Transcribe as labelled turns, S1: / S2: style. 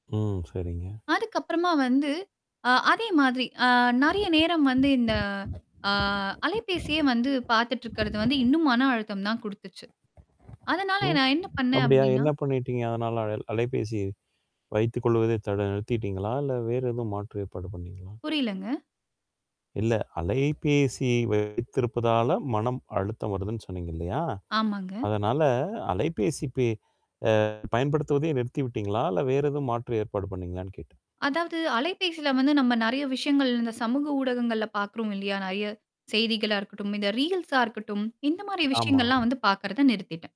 S1: ம். சரிங்க.
S2: அதுக்கப்பறமா வந்து, அ அதே மாதிரி அ, நெறைய நேரம் வந்து இந்த ஆ, அலைபேசியே வந்து பார்த்துட்டு இருக்கிறது வந்து இன்னும் மன அழுத்தம் தான் குடுத்துச்சு. அதனால
S1: ம்
S2: நான் என்ன பண்ணேன்
S1: அப்பிடியா?
S2: அப்பிடின்னா
S1: என்ன பண்ணிட்டீங்க? அதனால அ அலைபேசி வைத்துக் கொள்வதை தட நிறுத்திட்டீங்களா? இல்ல வேற எதும் மாற்று ஏற்பாடு பண்ணீங்களா?
S2: புரியலங்க.
S1: இல்ல. அலைபேசி வைத்திருப்பதால மனம் அழுத்தம் வருதுன்னு சொன்னீங்க இல்லயா?
S2: ஆமாங்க.
S1: அதனால அலைபேசி பே அ பயன்படுத்துவதை நிறுத்தி விட்டீங்களா? இல்ல வேறு எதுவும் மாற்று ஏற்பாடு பண்ணீங்களான்னு கேட்டேன்.
S2: அதாவது அலைபேசில வந்து, நம்ம நெறைய விஷயங்கள் இந்த சமூக ஊடகங்கள்ல பார்க்குறோம் இல்லயா! நிறையா செய்திகளா இருக்கட்டும், இந்த ரீல்ஸா இருக்கட்டும். இந்தமாரி விஷயங்கள்லாம்
S1: ஆமாமா.
S2: வந்து பார்க்கிறத நிறுத்திட்டேன்.